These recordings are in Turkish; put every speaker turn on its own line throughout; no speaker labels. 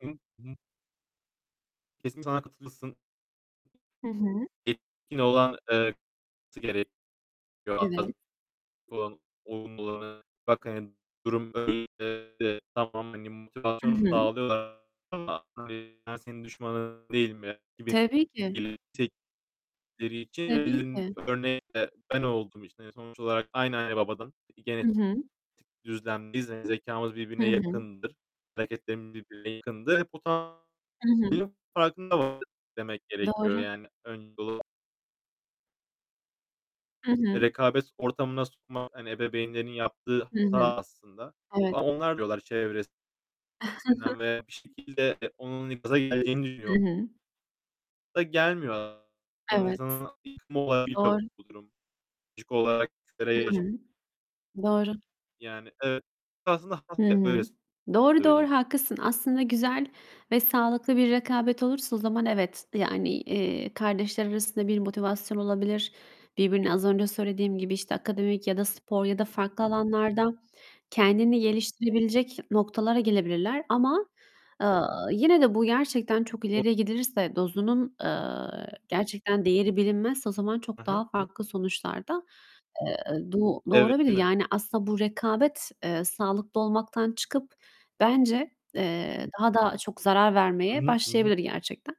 Hı hı. Hı hı. Kesin [unintelligible] katılırsın.
Hı hı.
Yetkin olan, eee, [unintelligible] gerekiyor
Evet.
[unintelligible] olumlu olan bak, hani, durum böyle de tamam, hani,
Hı
motivasyon
hı.
sağlıyorlar ama yani "Ben senin düşmanın değilim." gibi
Tabii ki.
belirttikleri için
Tabii
verilen
ki.
örnek de ben olduğum için, hani, sonuç olarak aynı anne babadan
Hı
genetik
hı.
düzlemdeyiz. Hani, zekâmız
Hı
birbirine
hı.
yakındır, hareketlerimiz birbirine yakındır. Bu tamamen
Hı hı.
[unintelligible] farkında olmak demek gerekiyor.
Doğru.
Yani [unintelligible]
Hı
E,
hı.
rekabet ortamına sokmak, hani, ebeveynlerin yaptığı
Hı hı.
hata aslında.
Evet.
Ama onlar diyorlar çevresinden ve bir şekilde onun gaza geleceğini
Hı
düşünüyo
hı.
Da gelmiyor a
Evet,
İnsanın yıkımı olabiliyor
doğru.
bu durum. [unintelligible] olarak
Hı
[unintelligible]
hı. Doğru.
Yani, eee, aslında
Hı
[unintelligible] öyle
hı. Doğru, doğru,
söyleyeyim.
haklısın. Aslında güzel ve sağlıklı bir rekabet olursa o zaman evet, d yani, eee, kardeşler arasında bir motivasyon olabilir. Birbirine az önce söylediğim gibi, işte, akademik ya da spor ya da farklı alanlarda kendini geliştirebilecek noktalara gelebilirler. Ama, eee, yine de bu gerçekten çok
O
ileriye gidilirse, dozunun, eee, gerçekten değeri bilinmezse o zaman
Hı
çok
hı.
daha
Hı hı.
farklı sonuçlar da, eee, do
Evet,
doğurabilir.
değil mi?
Yani aslında bu rekabet, eee, sağlıklı olmaktan çıkıp bence, eee, daha da çok zarar
Hı
vermeye
hı. Hı hı.
başlayabilir gerçekten.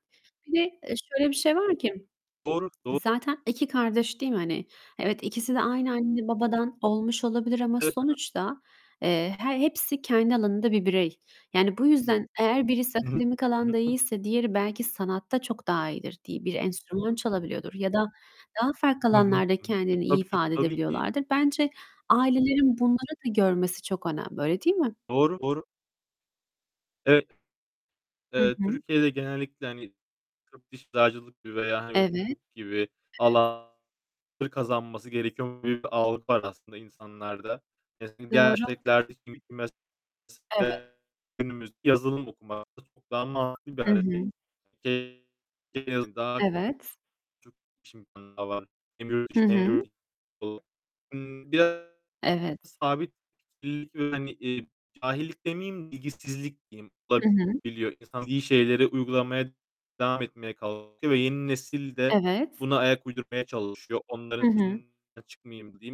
Bir de, eee, şöyle bir şey var ki:
Doğru, doğru.
Zaten 2 kardeş değil mi, hani? Evet, ikisi de aynı anne babadan olmuş olabilir ama
Evet. Hı hı.
sonuçta, eee, he hepsi kendi alanında bir birey. Yani, bu yüzden eğer birisi
Hı hı.
akademik
Hı
alanda
hı, [unintelligible]
iyiyse diğeri belki sanatta çok daha iyidir, di bir enstrüman çalabiliyordur ya da daha farklı
Hı hı.
alanlarda
Hı hı. E
kendini iyi
tabii ki,
ifade
tabii ki.
edebiliyorlardır. Bence ailelerin bunları da görmesi çok önemli. Öyle değil mi?
Doğru, doğru. Evet.
Hı
Eee,
hı.
Türkiye'de genellikle, hani, tıp, diş, eczacılık veya hani
Evet.
hukuk gibi
[unintelligible]
alanları kazanması gerekiyormuş gibi bir algı var aslında insanlarda. Mesela diğer
Doğru.
meslekler de, şimdiki
Evet.
[unintelligible] günümüzde yazılım okumak çok daha mantıklı bir
Hı
hareket.
hı.
[unintelligible] En azından
Evet.
çok iş imkânı var. Hem yurt
Hı
içinde hem yurt
hı.
dışında. Biraz
Evet.
sabit fikirlilik ve, hani, eee, cahillik demeyeyim, bilgisizlik diyeyim,
Hı hı.
olabiliyor. İnsan bildiği şeyleri uygulamaya devam etmeye kalkıyor ve yeni nesil de
Evet.
buna ayak uydurmaya çalışıyor. "Onların
Hı hı.
sözünden çıkmayayım." diyeyim.